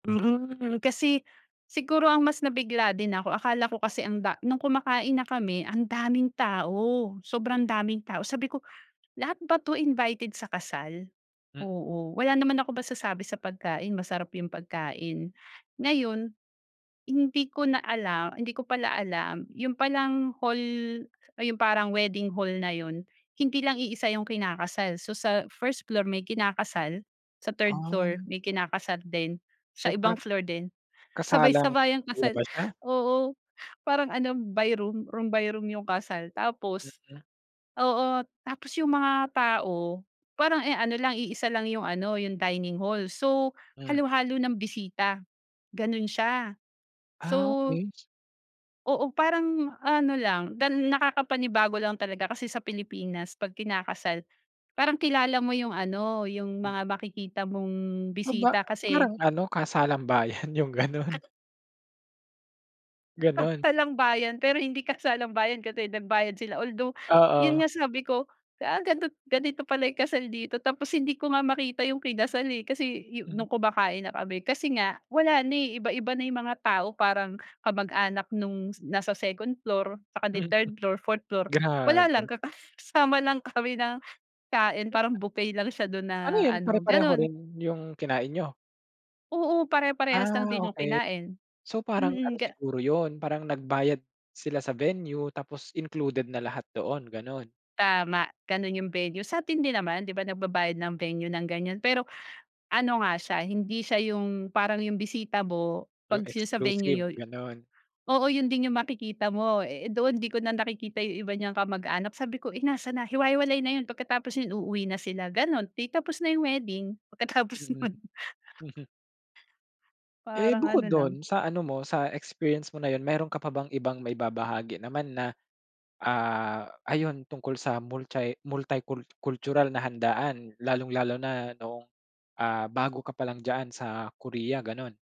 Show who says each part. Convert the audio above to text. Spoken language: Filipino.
Speaker 1: Mhm, kasi siguro ang mas nabigla din ako akala ko kasi ang da nung kumakain na kami andaming tao,
Speaker 2: Mm.
Speaker 1: sobrang daming tao sabi ko lahat ba to invited sa kasal?
Speaker 2: M
Speaker 1: Oo, wala naman ako masasabi sa pagkain, masarap yung pagkain. Ngayon hindi ko na alam, hindi ko pala alam yun palang hall, ah, yung parang wedding hall na yun hindi lang iisa 'yong kinakasal. So sa 1st floor, may kinakasal, sa 3rd floor,
Speaker 2: Ay.
Speaker 1: may kinakasal din sa
Speaker 2: So
Speaker 1: ibang
Speaker 2: parang,
Speaker 1: floor din
Speaker 2: kasalang
Speaker 1: sabay-sabayang
Speaker 2: kuya
Speaker 1: kasal.
Speaker 2: ba siya?
Speaker 1: Oo parang ano by room room by room 'yong kasal. Tapos
Speaker 2: Mm.
Speaker 1: oo, tapos yung mga tao parang e ano lang iisa lang 'yong ano 'yong dining hall so
Speaker 2: Hmm.
Speaker 1: halo-halo na'ng bisita gano'n siya. So
Speaker 2: Ah, okey s
Speaker 1: Oo parang ano lang dan nakakapanibago lang talaga kasi sa Pilipinas pag kinakasal parang kilala mo yung ano yung
Speaker 2: Hmm.
Speaker 1: mga makikita mong
Speaker 2: Aba,
Speaker 1: bisita
Speaker 2: ah,
Speaker 1: kasi
Speaker 2: parang ano kasalang-bayan yung
Speaker 1: Kat
Speaker 2: ganun. Ganun?
Speaker 1: Kasalang-bayan pero hindi kasalang-bayan kasi nagbayad sila. Although yun
Speaker 2: Oo.
Speaker 1: nga sabi ko, ah, ganito ganito pala yung kasal dito. Tapos hindi ko nga makita yung kinasal, eh, kasi yu
Speaker 2: Mm.
Speaker 1: nung kumakain na kami, kasi nga wala na, eh, iba-iba na yung mga tao parang kamag-anak nung s nasa second floor, tsaka ni 3rd floor 4th floor wala lang
Speaker 2: Grabe.
Speaker 1: kakasama lang kami ng kain parang
Speaker 2: [unintelligible]
Speaker 1: buffet lang siya dun
Speaker 2: Ano
Speaker 1: na
Speaker 2: yun
Speaker 1: ano
Speaker 2: pare-pareho
Speaker 1: ganon.
Speaker 2: rin yung kinain niyo?
Speaker 1: Oo pare-parehas lang
Speaker 2: Ah,
Speaker 1: din yung
Speaker 2: okey.
Speaker 1: kinain.
Speaker 2: So parang ano
Speaker 1: Mm ga
Speaker 2: siguro yun parang nagbayad sila sa venue tapos included na lahat doon, ganon?
Speaker 1: Tama ganun yung venue. Sa'tin din naman di ba nagbabayad ng venue ng ganyan pero ano nga siya hindi siya yung parang yung bisita mo pag
Speaker 2: Yung
Speaker 1: sila sa venue
Speaker 2: exclusive,
Speaker 1: niyo y
Speaker 2: ganon.
Speaker 1: oo yun din yung makikita mo eh eh
Speaker 2: Hmm.
Speaker 1: doon di ko na nakikita yung iba niyang kamag-anak sabi ko eh nasan na? Hiwa-hiwalay na yun pagkatapos yun uuwi na sila ganon, ti tapos na yung wedding pagkatapos
Speaker 2: Mm.
Speaker 1: nun.
Speaker 2: Mhm. Eh,
Speaker 1: Parang ano
Speaker 2: bukod
Speaker 1: lang
Speaker 2: dun sa ano mo sa experience mo na yun meron ka pa bang ibang maibabahagi naman na, ah, ayun tungkol sa multi multi-cul cultural na handaan lalong-lalo na noong, ah, bago ka pa lang diyan sa Korea ganon?